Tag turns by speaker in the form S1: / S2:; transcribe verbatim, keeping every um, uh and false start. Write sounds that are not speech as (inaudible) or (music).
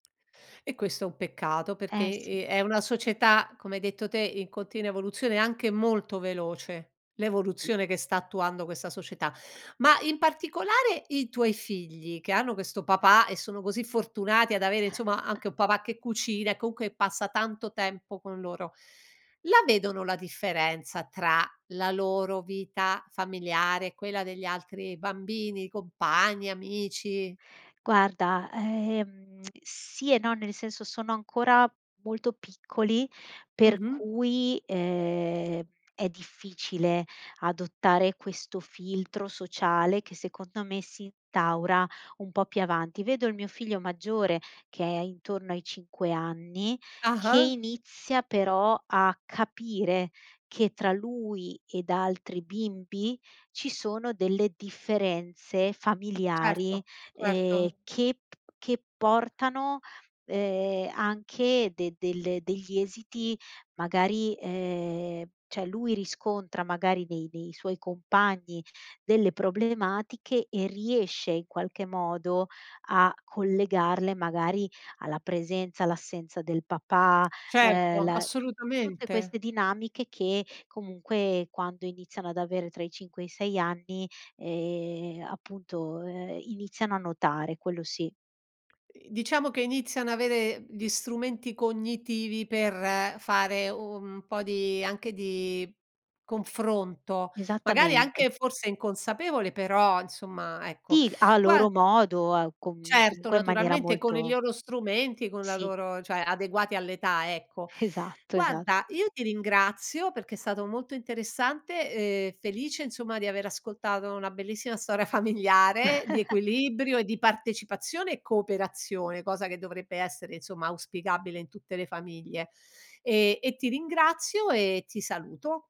S1: E questo è un peccato perché,
S2: Ehm, sì.
S1: ehm, è una società, come hai detto te, in continua evoluzione, anche molto veloce,
S2: Sì.
S1: l'evoluzione che sta attuando questa società. Ma in particolare i tuoi figli, che hanno questo papà e sono così fortunati ad avere insomma
S2: (chuckles)
S1: anche un papà che cucina e comunque passa tanto tempo con loro, la vedono la differenza tra la loro vita familiare e quella degli altri bambini, compagni, amici?
S2: Guarda, ehm, sì e no, nel senso sono ancora molto piccoli, per
S1: Mh-mh.
S2: cui, ehm, è difficile adottare questo filtro sociale che secondo me si instaura un po' più avanti. Vedo il mio figlio maggiore che è intorno ai cinque anni, che
S1: Ah-ah.
S2: inizia però a capire che tra lui ed altri bimbi, ci sono delle differenze familiari,
S1: Certo,
S2: ehm,
S1: certo.
S2: che p che portano, ehm, anche de delle degli esiti magari, ehm, cioè lui riscontra magari nei nei suoi compagni delle problematiche e riesce in qualche modo a collegarle magari alla presenza, all'assenza del papà,
S1: Certo,
S2: ehm, la tut tutte
S1: assolutamente.
S2: queste dinamiche che comunque, quando iniziano ad avere tra i cinque e i sei anni, ehm, appunto, ehm, iniziano a notare, quello sì.
S1: Ehm, diciamo che iniziano avere gli strumenti cognitivi per fare u un po' di anche di confronto, magari
S2: Esattamente.
S1: anche forse inconsapevole però insomma ecco,
S2: Sì. A
S1: guar
S2: loro modo, a com
S1: Certo
S2: comunque in maniera
S1: naturalmente con i
S2: molto
S1: loro strumenti, con la
S2: Sì.
S1: loro cioè adeguati all'età, ecco.
S2: Esatto, esatt
S1: Guarda, io ti ringrazio perché è stato molto interessante, ehm, felice insomma di aver ascoltato una bellissima storia familiare, di
S2: (chuckles)
S1: equilibrio, partecipazione e cooperazione, cosa che dovrebbe essere insomma auspicabile in tutte le famiglie. Ehm, e ti ringrazio e ti saluto.